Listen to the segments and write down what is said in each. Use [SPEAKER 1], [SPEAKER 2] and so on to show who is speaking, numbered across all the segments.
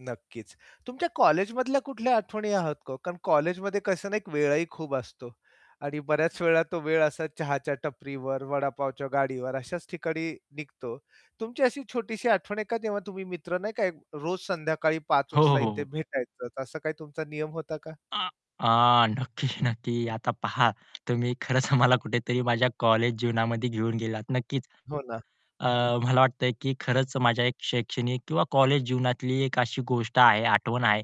[SPEAKER 1] नक्कीच, तुमच्या कॉलेजमधल्या कुठल्या आठवणी आहात का ओ? कारण कॉलेजमध्ये कसं ना एक वेळही खूप असतो आणि बऱ्याच वेळा तो वेळ असा चहाच्या टपरीवर, वडापावच्या गाडीवर अशाच ठिकाणी निघतो. तुमची अशी छोटीशी आठवण आहे का तेव्हा तुम्ही मित्र, नाही का, एक रोज संध्याकाळी 5:00
[SPEAKER 2] हो, हो,
[SPEAKER 1] वाजता
[SPEAKER 2] हो,
[SPEAKER 1] इथे
[SPEAKER 2] हो.
[SPEAKER 1] भेटायचंच असा काही तुमचा नियम होता का?
[SPEAKER 2] आ, आ, नक्की, नक्की
[SPEAKER 1] हं.
[SPEAKER 2] आता पहा, तुम्ही खरंच मला कुठेतरी माझ्या कॉलेज जीवनामध्ये घेऊन गेलात. नक्कीच.
[SPEAKER 1] हो ना.
[SPEAKER 2] अ, मला वाटतंय की खरंच माझ्या शैक्षणिक किंवा कॉलेज जीवनातली एक अशी गोष्ट आहे, आठवण आहे,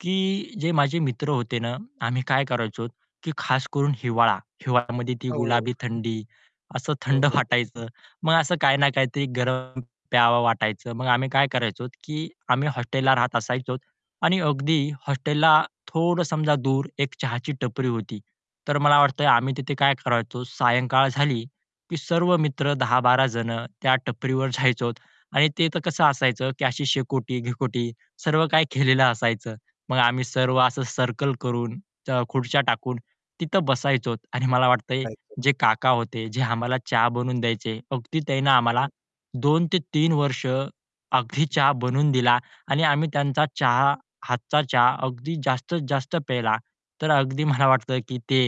[SPEAKER 2] की जे माझे मित्र होते ना, आम्ही काय करायचो की खास करून हिवाळा. हिवाळ्यामध्ये ती
[SPEAKER 1] हो.
[SPEAKER 2] गुलाबी थंडी, असं
[SPEAKER 1] हो,
[SPEAKER 2] थंड
[SPEAKER 1] हो.
[SPEAKER 2] वाटायचं. मग असं काही ना काहीतरी गरम प्यावं वाटायचं. मग आम्ही काय करायचो की आम्ही हॉस्टेलला राहत असायचो आणि अगदी हॉस्टेलला थोडं समजा दूर एक चहाची टपरी होती. तर मला वाटतंय आम्ही तिथे काय करायचो सायंकाळ झाली, की सर्व मित्र 10-12 जण त्या टपरीवर जायचोत आणि ते तर कसं असायचं की अशी शेकोटी-बिकोटी सर्व काही केलेलं असायचं. मग आम्ही सर्व असं सर्कल करून, च खुर्च्या टाकून, तिथं बसायचो. आणि मला वाटतंय
[SPEAKER 1] [unintelligible]
[SPEAKER 2] जे काका होते, जे आम्हाला चहा बनवून द्यायचे अगदी त्यानं आम्हाला
[SPEAKER 1] हं.
[SPEAKER 2] 2 ते 3 वर्ष, अगदी चहा बनवून दिला आणि आम्ही त्यांचा चहा हातचा चहा अगदी जास्तीत जास्त प्यायला. तर अगदी मला वाटतं की ते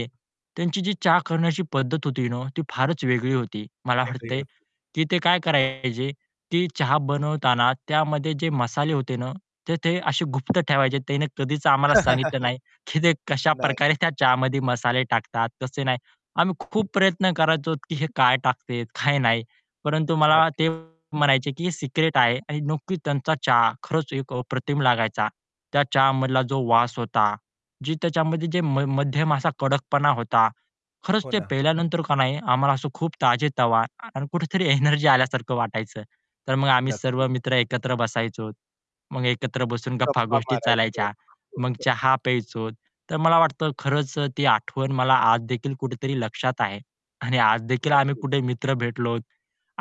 [SPEAKER 2] त्यांची जी चहा करण्याची पद्धत होती ना, ती फारच वेगळी होती. मला
[SPEAKER 1] वेगळी
[SPEAKER 2] वाटतंय
[SPEAKER 1] होती.
[SPEAKER 2] की ते काय करायचे की चहा बनवताना त्यामध्ये जे मसाले होते ना, तर ते असे गुप्त ठेवायचे त्यांनी कधीच आम्हाला सांगितलं नाही, की ते
[SPEAKER 1] नाही.
[SPEAKER 2] कशाप्रकारे त्या चहामध्ये मसाले टाकतात. तसे नाही. आम्ही खूप प्रयत्न करायचो, की हे काय टाकते, काय नाही. परंतु मला ते
[SPEAKER 1] नक्कीच.
[SPEAKER 2] म्हणायचे, की "हे सिक्रेट आहे." आणि नक्की त्यांचा चहा खरंच एक अप्रतिम लागायचा. त्या चहा मधला जो वास होता, जी त्याच्यामध्ये जे म मध्यम असा कडकपणा होता. खरंच
[SPEAKER 1] हो
[SPEAKER 2] ते
[SPEAKER 1] ना.
[SPEAKER 2] पिल्यानंतर का नाही आम्हाला असं खूप ताजेतवा आणि कुठेतरी एनर्जी आल्यासारखं वाटायचं. तर मग आम्ही सर्व
[SPEAKER 1] नक्कीच.
[SPEAKER 2] मित्र एकत्र बसायचो. मग एकत्र बसून
[SPEAKER 1] गप्पा
[SPEAKER 2] गप्पा-गोष्टी
[SPEAKER 1] मारायचं.
[SPEAKER 2] चालायच्या, मग
[SPEAKER 1] [unintelligible]
[SPEAKER 2] चहा प्यायचो, तर मला वाटतं खरंच अ, ती आठवण मला आज देखील कुठेतरी लक्षात आहे. आणि आज देखील आम्ही
[SPEAKER 1] नक्कीच.
[SPEAKER 2] कुठे मित्र भेटलो,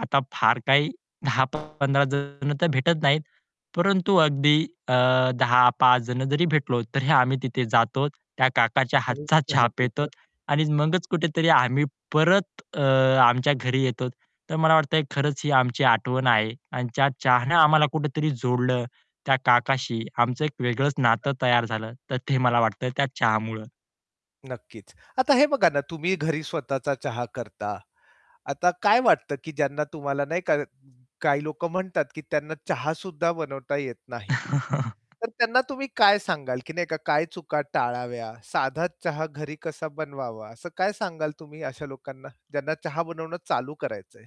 [SPEAKER 2] आता फार काही 10-15 जण तर भेटत नाहीत, परंतु अगदी अ, 10-5 जण जरी भेटलो, तरी आम्ही तिथे जातो, त्या काकाच्या
[SPEAKER 1] आणि
[SPEAKER 2] हातचा चहा पितो
[SPEAKER 1] [unintelligible]
[SPEAKER 2] आणि मगच कुठेतरी आम्ही परत अ, आमच्या घरी येतो. तर मला वाटतंय खरंच ही आमची आठवण आहे. आणि त्या चहानं आम्हाला कुठेतरी जोडलं, त्या काकाशी आमचं एक वेगळंच नातं
[SPEAKER 1] [unintelligible]
[SPEAKER 2] तयार झालं, तर ते मला वाटतं त्या चहामुळं.
[SPEAKER 1] नक्कीच. आता हे बघा ना, तुम्ही घरी स्वतःचा चहा करता. आता काय वाटतं की ज्यांना तुम्हाला नाही का काही लोक म्हणतात, की त्यांना चहा सुद्धा बनवता येत नाही. तर त्यांना तुम्ही काय सांगाल की नाही का काय चुका टाळाव्या, साधा चहा घरी कसा बनवावा? असं काय सांगाल तुम्ही अशा लोकांना, ज्यांना चहा बनवणं चालू करायचंय?